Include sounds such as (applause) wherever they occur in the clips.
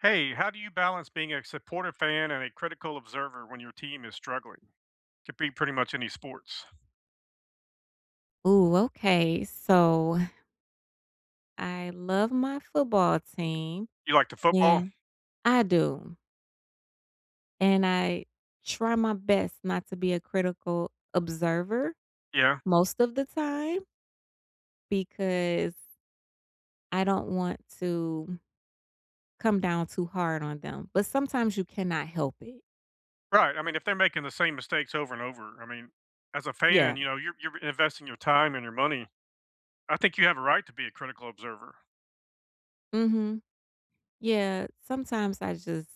Hey, how do you balance being a supportive fan and a critical observer when your team is struggling? Could be pretty much any sports. Ooh, okay. So I love my football team. You like the Yeah. football? I do and I try my best not to be a critical observer Yeah. most of the time because I don't want to come down too hard on them, but sometimes you cannot help it. Right. I mean, if they're making the same mistakes over and over, I mean, as a Yeah. fan, you know, you're you're investing your time and your money. I think you have a right to be a critical observer. Mhm. Yeah, sometimes I just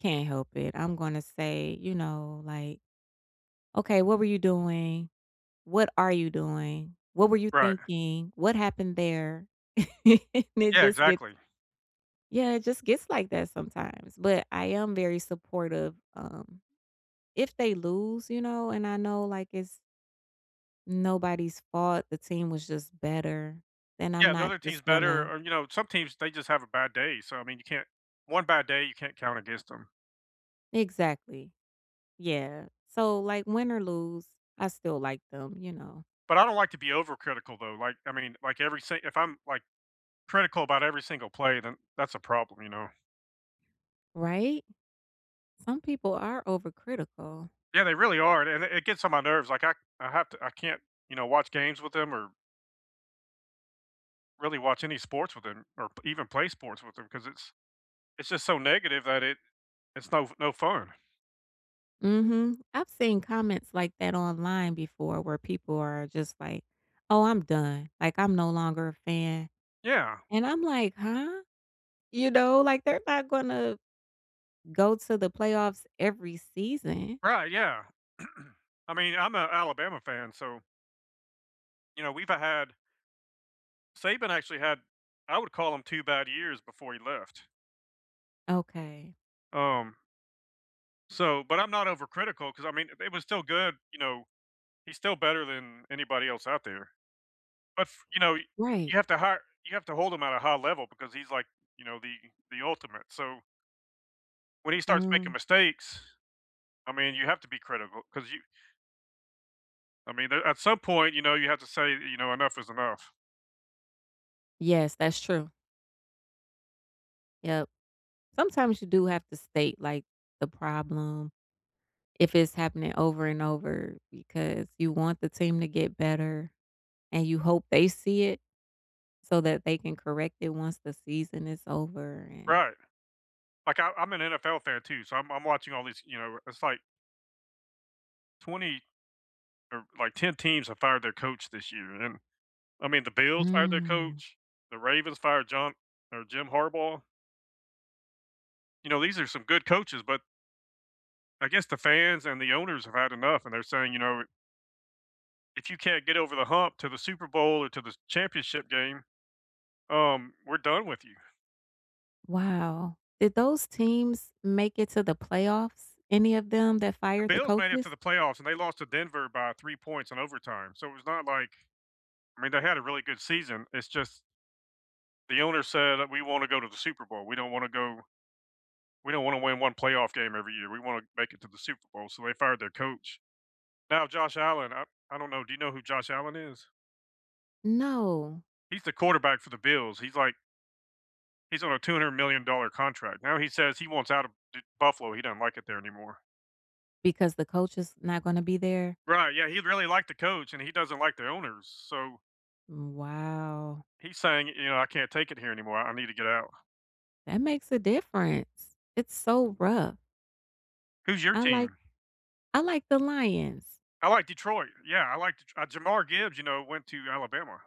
can't help it. I'm gonna say, you know, like, "Okay. What were you doing? What are you doing? What were you Right. thinking? What happened there?" (laughs) And it Yeah. just gets Exactly. Yeah. It just gets like that sometimes, but I am very supportive. Um, if they lose, you know, and I know, like, it's nobody's fault, the team was just better, then I'm Yeah, the not other team's just better, gonna or, you know, some teams, they just have a bad day. So, I mean, you can't one bad day, you can't count against 'em. Exactly. Yeah. So, like, win or lose, I still like them, you know? But I don't like to be overcritical, though. Like, I mean, like, every si if I'm, like, critical about every single play, then that's a problem, you know? Right? Some people are overcritical. Yeah, they really are, and it it gets on my nerves, like, I I have to I can't, you know, watch games with them or really watch any sports with them, or p even play sports with them, 'cause it's it's just so negative that it it's no f no fun. Mhm. I've seen comments like that online before, where people are just like, "Oh, I'm done. Like, I'm no longer a fan." Yeah. And I'm like, "Huh?" You know? Like, they're not gonna go to the playoffs every season. Right, yeah. (clears throat) I mean, I'm a Alabama fan, so you know, we've, uh, had Saban actually had I would call 'em 2 bad years before he left. Okay. Um So but I'm not overcritical, 'cause, I mean, eh, it was still good, you know? He's still better than anybody else out there, but f you know, y Right. you have to hire you have to hold him at a high level, because he's, like, you know, the the ultimate, so when he starts making Mhm. mistakes, I mean, you have to be critical, 'cause you I mean the at some point, you know, you have to say, y you know, enough is enough. Yes, that's true. Yep. Sometimes you do have to state, like, the problem if it's happening over and over, because you want the team to get better, and you hope they see it, so that they can correct it once the season is over, and Right. Like, I I'm an NFL fan, too, so I'm I'm watching all these, you know it's like 20, or, like, 10 teams have fired their coach this year, and then I mean, the Bills fired their Mm. coach, the Ravens fired John or Jim Harbaugh. You know, these are some good coaches, but I guess the fans and the owners have had enough, and they're saying, you know if you can't get over the hump to the Super Bowl, or to the sh championship game, um, we're done with you. Wow. Did those teams make it to the playoffs, any of them that The fired the Bills made it to coaches? the playoffs, and they lost to Denver by 3 points in overtime, so it was not like I mean, they had a really good season, it's just the owner said that, "We wanna go to the Super Bowl, we don't wanna go we don't wanna win 1 playoff game every year, we wanna make it to the Super Bowl," so they fired their coach. Now, Josh Allen I I don't know. Do you know who Josh Allen is? No. He's the quarterback for the Bills. He's, like he's on a two-hundred-million-dollar contract. Now, he says he wants out of de Buffalo. He don't like it there anymore. Because the coach is not gonna be there? Right, yeah, he really liked the coach, and he doesn't like their owner, so Wow. he's saying, you know, "I can't take it here anymore. I I need to get out." That makes a difference. It's so rough. Who's your I like team? I like the Lions. I like Detroit. Yeah, I like Det uh, Jamar Gibbs, you know, went to Alabama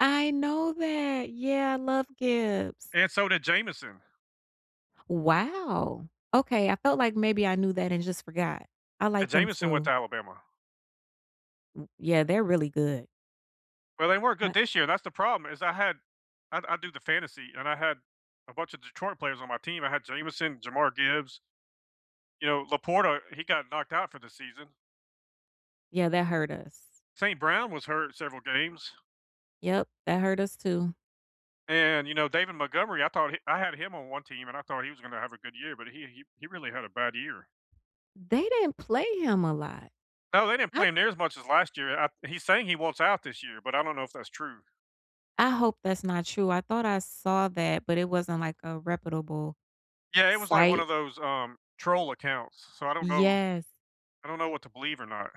I know that. Yeah, I love Gibbs. and so did Jameson. Wow. Okay, I felt like maybe I knew that and just forgot. I And like him Jameson went to too. Alabama. W yeah, they're really good. Well, they weren't good But this year, and that's the problem is I had I d I do the fantasy, and I had a bunch of Detroit players on my team; I had Jameson, Jamar Gibbs. You know, LaPorta, he got knocked out for the season. Yeah, that hurt us. St. Brown was hurt in several games. Yep. That hurt us too. And, you know, David Montgomery, I thought he I had him on one team, and I thought he was gonna have a good year, but he he he really had a bad year. They didn't play him a lot. No, they didn't I play him near as much as last year. I He's saying he wants out this year, but I don't know if that's true. I hope that's not true. I thought I saw that, but it wasn't, like, a reputable Yeah, it was like one site. of those, um, troll accounts, so I don't know Yes. I don't know what to believe or not.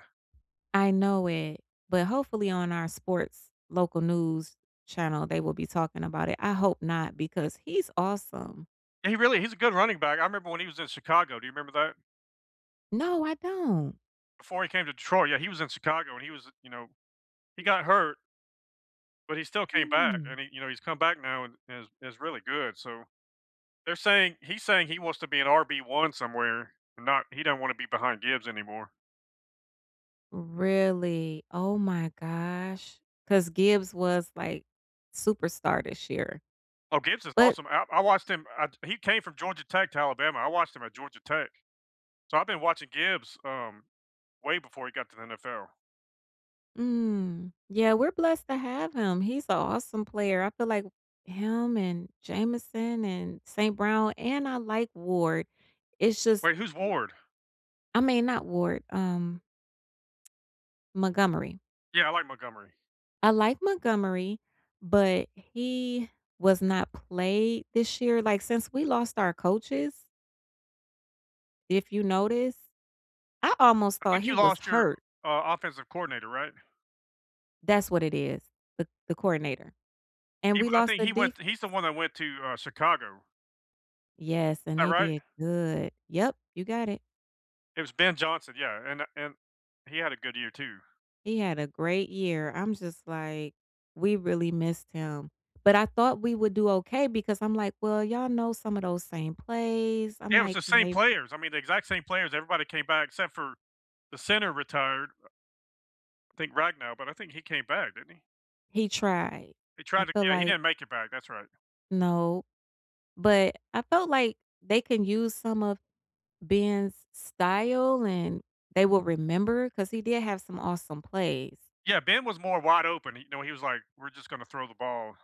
I know it. But hopefully on our sports local news channel, they will be talking about it. I hope not because he's awesome. He really he's a good running back. I remember when he was in Chicago. Do you remember that? No, I don't. Before he came to Detroit, yeah, he was in Chicago, and he was, you know he got hurt but he still came back, and Mm. he you know, he's come back now, and is is really good, so They're saying he's saying he wants to be an RB1 somewhere, not he don't wanna be behind Gibbs anymore. Really? Oh my gosh. 'Cause Gibbs was, like, superstar this year. Oh, Gibbs is But awesome. I I watched him I'd he came from Georgia Tech to Alabama. I watched him at Georgia Tech. So I've been watching Gibbs, um, way before he got to the NFL. Mm, yeah. We’re blessed to have him. He’s a awesome player. I feel like him and Jameson and St. Brown, and I like Ward. It’s just Wait, who's Ward? I mean, not Ward, um Montgomery. Yeah, I like Montgomery. I like Montgomery, but he was not played this year. Like, since we lost our coaches if you notice, I almost I thought think he you was lost your, hurt. uh, offensive coordinator, right? That’s what it is, the the coordinator. And He we I lost think the he defense went he's the one that went to, uh, Chicago. Yes, and That they right? did good. Yep, you got it. It was Ben Johnson, yeah, and a and he had a good year too. He had a great year. I’m just like, we really missed him. But I thought we would do okay because I’m like, well, y’all know some of those same plays. I’m Yeah, it was like, the can same they players. I mean, the exact same players, everybody came back except for the center retired. Ra I think Ragnow, but I think he came back, didn't he? He tried, He tried I to, feel yeah. He like didn't make it back, that's right. No, but, I felt like they can use some of Ben's style, and they will remember, 'cause he did have some awesome plays. Yeah, Ben was more wide open, you know, he was like, "We're just gonna throw the ball"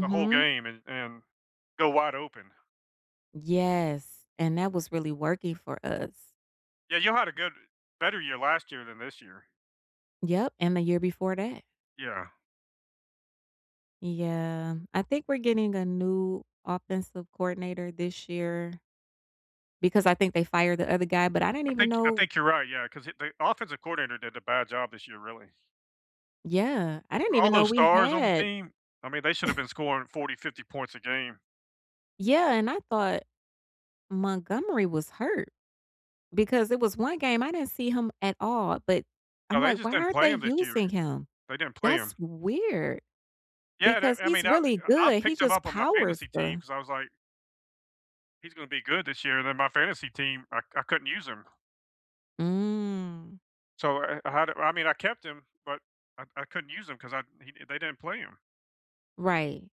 the whole game and and go wide open. Yes, and that was really working for us. Yeah, you had a good better year last year than this year. Yep, and the year before that. Yeah. Yeah, I think we're getting a new offensive coordinator this year because I think they fired the other guy, but I didn't I even think I know think you're right, yeah, 'cause th the offensive coordinator did a bad job this year, really. Yeah. I didn't All even know those we stars on the had team? I mean, they should've (chuckles) been scoring 40, 50, points a game. Yeah, and I thought Montgomery was hurt, because it was one game, I didn't see him at all, but I'm No, they like, just "Why didn't aren't play they him this year. using him?" They didn't play That's him. weird Yeah, that because I he's mean, eh, really I I good. He picked him just up on my powers fantasy team, the 'cause I was like "He's gonna be good this year," and then my fantasy team, I I couldn't use him. Mm. So, I I had I mean, I kept him, but I I couldn't use him 'cause I he they didn't play him. Right.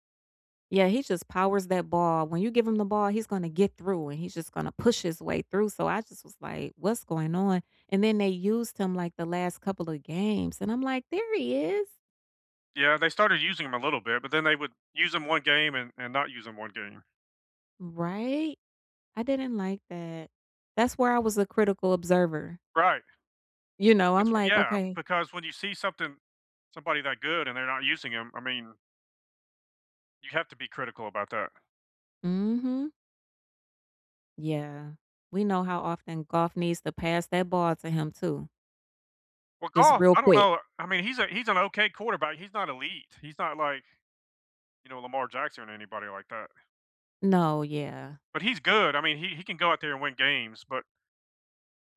Yeah, he just powers that ball. When you give him the ball, he's gonna get through and he's just gonna push his way through. So, I just was like, "What's going on?" And then they used him, like, the last couple of games, and I'm like, "There he is!" Yeah, they started using him a little bit, but then they would use him one game and and not use him one game. Right? I didn't like that. That's where I was a critical observer. Right. You know, That's I'm what like, yeah, "Okay." because when you see something somebody that good, and they're not using him, I mean you have to be critical about that. Mhm. Yeah. We know how often Goff needs to pass that ball to him, too. Well, Just Goff real I don't quick. know. I mean, he's a he's an okay quarterback. He's not elite. He's not like, you know, Lamar Jackson or anybody like that No, yeah. but he's good. I mean, he he can go out there and win games, but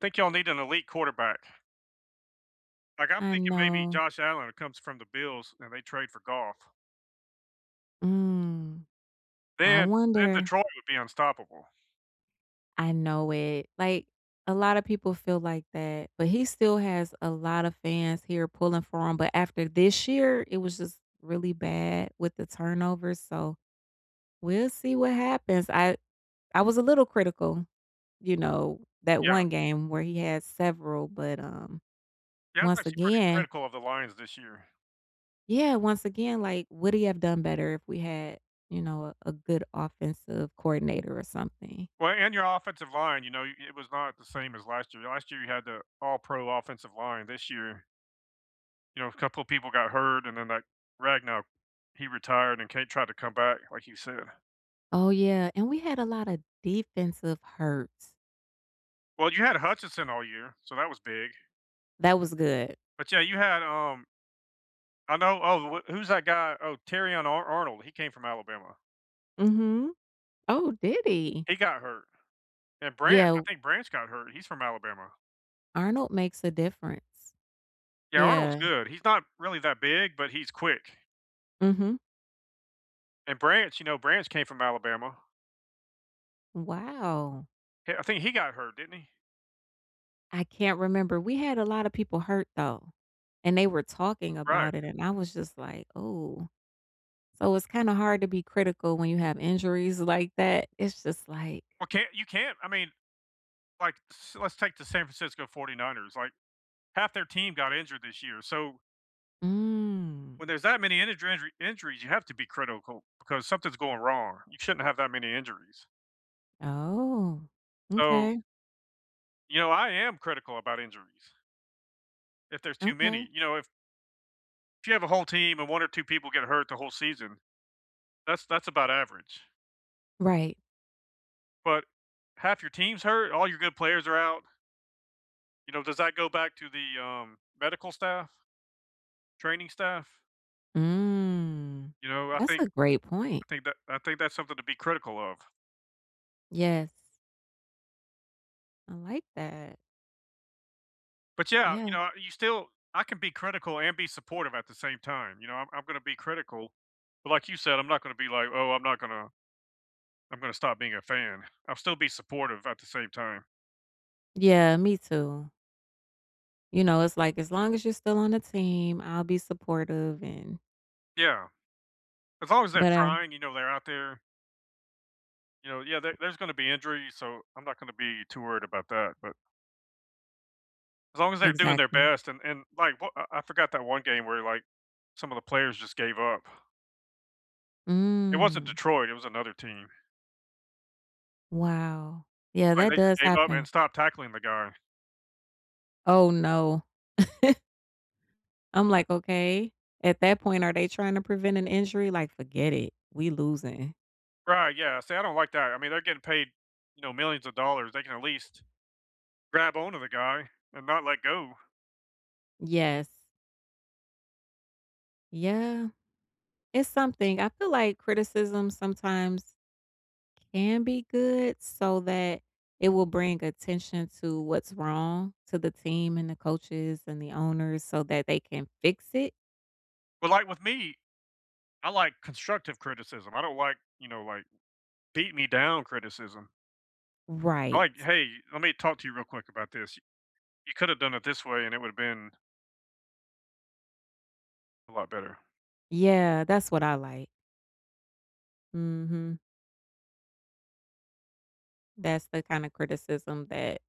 think y'all need an elite quarterback. Like, I'm I thinking maybe know. Josh Allen comes from the Bills, and they trade for Goff Mm. I then then wonder. Detroit would be unstoppable. I know it. Like, a lotta people feel like that, but he still has a lot of fans here pulling for him, but after this year, it was just really bad with the turnovers, so we'll see what happens. I I was a little critical, you know, that Yeah. one game where he has several, but, um, Yeah, that's once actually pretty again critical of the lines this year. Yeah, once again, like, would he have done better if we had, you know, a a good offensive coordinator or something? Well, and your offensive line, you know, y it was not the same as last year. Last year, you had the all-pro offensive line. This year you know, a couple of people got hurt, and then that Ragnar, he retired, and Kade tried to come back like you said. Oh, yeah, and we had a lot of defensive hurt. Well, you had Hutchinson all year, so that was big That was good. but, yeah, you had, um I know oh, wh who's that guy? Oh, Terrion Ar Arnold, he came from Alabama. Mhm. Oh, did he? He got hurt. And Bran Yeah, I o think Branch got hurt. He's from Alabama. Arnold makes a difference. Yeah, Arnold's Yeah. good. He's not really that big, but he's quick. Mhm. And Branch, you know, Branch came from Alabama. Wow. Yeah, I think he got hurt, didn't he? I can't remember. We had a lotta people hurt, though, and they were talking Right. about it, and I was just like, "Ooh." So, it's kinda hard to be critical when you have injuries like that. It's just like Well, can't you can't, I mean, like, t s let's take the San Francisco 49ers, like, half their team got injured this year, so Mm. when there's that many integer injury injuries, you have to be critical, because something's going wrong. You shouldn't have that many injuries. Oh. So M'kay. You know, I am critical about injuries if there's too many. Okay. You know, if if you have a whole team, and 1 or 2 people get hurt the whole season, that's that's about average. Right. But 1/2 your team's hurt, all your good players are out. You know, does that go back to the, um, medical staff, training staff? Mm. You know, I That's think a great point. I think that I think that's something to be critical of. Yes. I like that. But, yeah, Yeah. you know, you still I can be critical and be supportive at the same time, you know? I'm I'm gonna be critical, but like you said, I'm not gonna be like, "Oh, I'm not gonna I'm gonna stop being a fan." I'll still be supportive at the same time. Yeah, me, too. You know, it's like, "As long as you're still on the team, I'll be supportive and" Yeah. As long as they're But I trying, you know, they're out there You know, yeah, there there's gonna be injuries, so I'm not gonna be too worried about that. But as long as they're doing their Exactly. best, and and, like, w I I forgot that one game where, like, some of the players just gave up. It wasn't Mm. Detroit, it was another team. Wow. Yeah, Like, that they just does gave up and happen. stopped tackling the guy. Oh, no. (chuckles) I'm like, "Okay? At that point, are they trying to prevent an injury?" Like, "Forget it. We losing." Right, yeah. See, I don't like that. I mean, they're getting paid, you know, millions of dollars, they can at least grab on to the guy and not let go. Yes. Yeah. It's something. I feel like criticism sometimes can be good, so that it will bring attention to what's wrong to the team, and the coaches, and the owners so that they can fix it. Well, like, with me, I like constructive criticism. I don't like, you know, like, beat-me-down criticism. I Right. like, "Hey, let me talk to you real quick about this. You coulda done it this way, and it would’ve been" a lot better. Yeah, that's what I like. Mhm. That's the kind of criticism that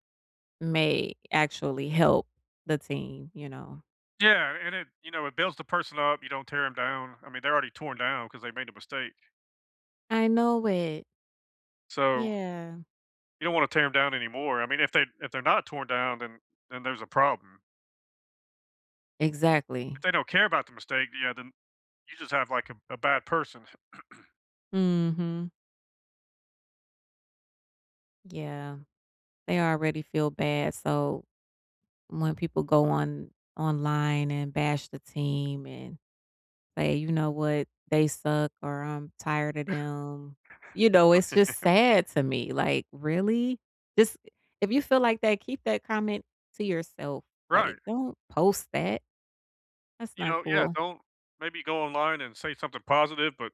may actually help the team, you know? Yeah, and it, you know, it builds the person up, you don't tear 'em down. I mean, they're already torn down because they made a mistake. I know it. So Yeah. you don't wanna tear 'em down anymore. I mean, if they if they're not torn down, then then there's a problem. If Exactly. they don't care about the mistake, yeah, then, you just have, like, a a bad person. (clears throat) Mhm. Yeah. They already feel bad, so when people go on online, and bash the team and say, "You know what? They suck," or "I'm tired of them," you know, it's just (chuckles) sad to me. Like, really? This if you feel like that, keep that comment to yourself. Like, Right. don't post that. That's You not know, yeah, cool. don't maybe go online, and say something positive, but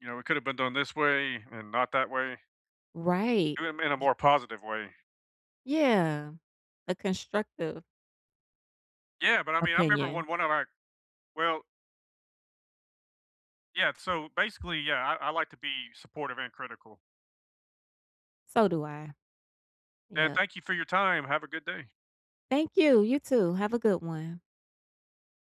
you know, it could have been done this way, and not that way. Right. Do 'em in a Ye more positive way. Yeah. A constructive Yeah, but, I mean, I remember when opinion. one of our well Yeah, so, basically, yeah, I I like to be supportive and critical. So do I. And Yep. thank you for your time. Have a good day. Thank you! You too. Have a good one.